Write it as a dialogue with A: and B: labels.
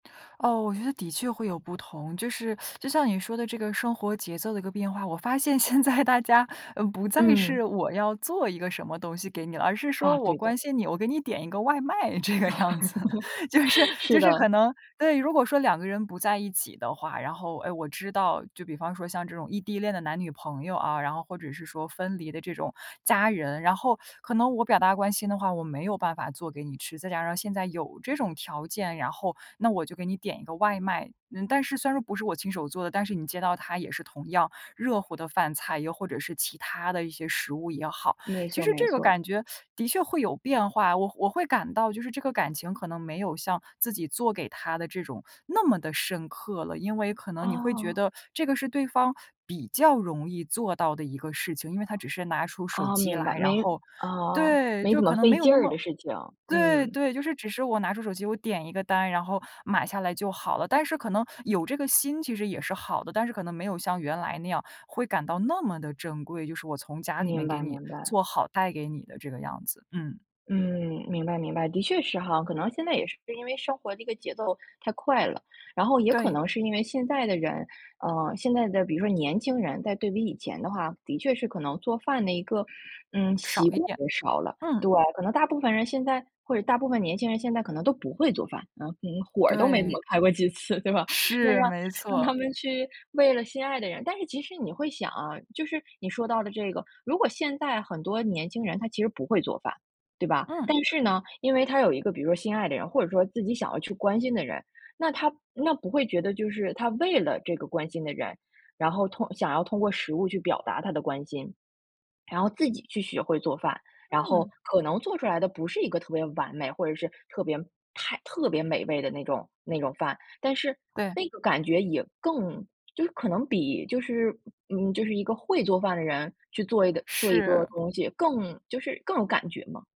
A: 哦，我觉得的确会有不同。就是，就像你说的这个生活节奏的一个变化，我发现现在大家，嗯，不再是
B: 嗯。
A: 我要做一个什么东西给你了，而是说
B: 啊，
A: 我
B: 对的。
A: 关心你，我给你点一个外卖这个样子。就是就
B: 是
A: 是可
B: 的。
A: 能对，如果说两个人不在一起的话，然后，哎我知道就比方说像这种异地恋的男女朋友啊，然后或者是说分离的这种家人。然后可能我表达关心的话，我没有办法做给你吃。再加上现在有这种条件，然后那我就给你点一个外卖。嗯，但是虽然说不是我亲手做的，但是你接到它也是同样热乎的饭菜，又或者是其他的一些食物也好。
B: 没
A: 其
B: 错
A: 实
B: 没
A: 这个
B: 错。
A: 感觉的确会有变化，我会我会感到就是这个感情可能没有像自己做给他的这种那么得深刻了，因为可能你会觉
B: 哦。
A: 得这个是对方比较容易做到的一个事情。因为他只是拿出手
B: 哦，
A: 机
B: 明白，
A: 来，然
B: 没
A: 后
B: 啊，
A: 对，
B: 没
A: 就
B: 怎么
A: 可能
B: 费
A: 没有
B: 劲
A: 那
B: 儿
A: 么
B: 的事情，
A: 对
B: 嗯。
A: 对，就是只是我拿出手机，我点一个单，然后买下来就好了。但是可能有这个心，其实也是好的，但是可能没有像原来那样，会感到那么得珍贵，就是我从家里面
B: 明
A: 给
B: 白
A: 你
B: 明白。
A: 做好带给你的这个样子。嗯。
B: 嗯，明白明白，的确是哈。可能现在也是因为生活的一个节奏太快了，然后也可
A: 对。
B: 能是因为现在的人，啊，现在的比如说年轻人，在对比以前的话，的确是可能做饭的一个，嗯，
A: 少
B: 习
A: 一
B: 惯
A: 点，
B: 也少了。
A: 嗯。
B: 对，可能大部分人现在或者大部分年轻人现在可能都不会做饭。啊，嗯，火儿都没怎
A: 对。
B: 么开过几次对吧？那
A: 是，
B: 让
A: 没
B: 让
A: 错。
B: 他们去为了心爱的人但是其实你会想啊，就是你说到的这个。如果现在很多年轻人他其实不会做饭，对吧？
A: 嗯。
B: 但是呢，因为他有一个比如说心爱的人，或者说自己想要去关心的人。那他那不会觉得就是他为了这个关心的人，然后通想要通过食物去表达他的关心。然后自己去学会做饭，然后
A: 嗯。
B: 可能做出来的不是一个特别完美或者是特别太特别美味的那种那种饭，但是
A: 对。
B: 那个感觉也更就是可能比就是嗯嗯，就是一个会做饭的人，去做一个做一个
A: 是。
B: 东西，更就是更有感觉嘛。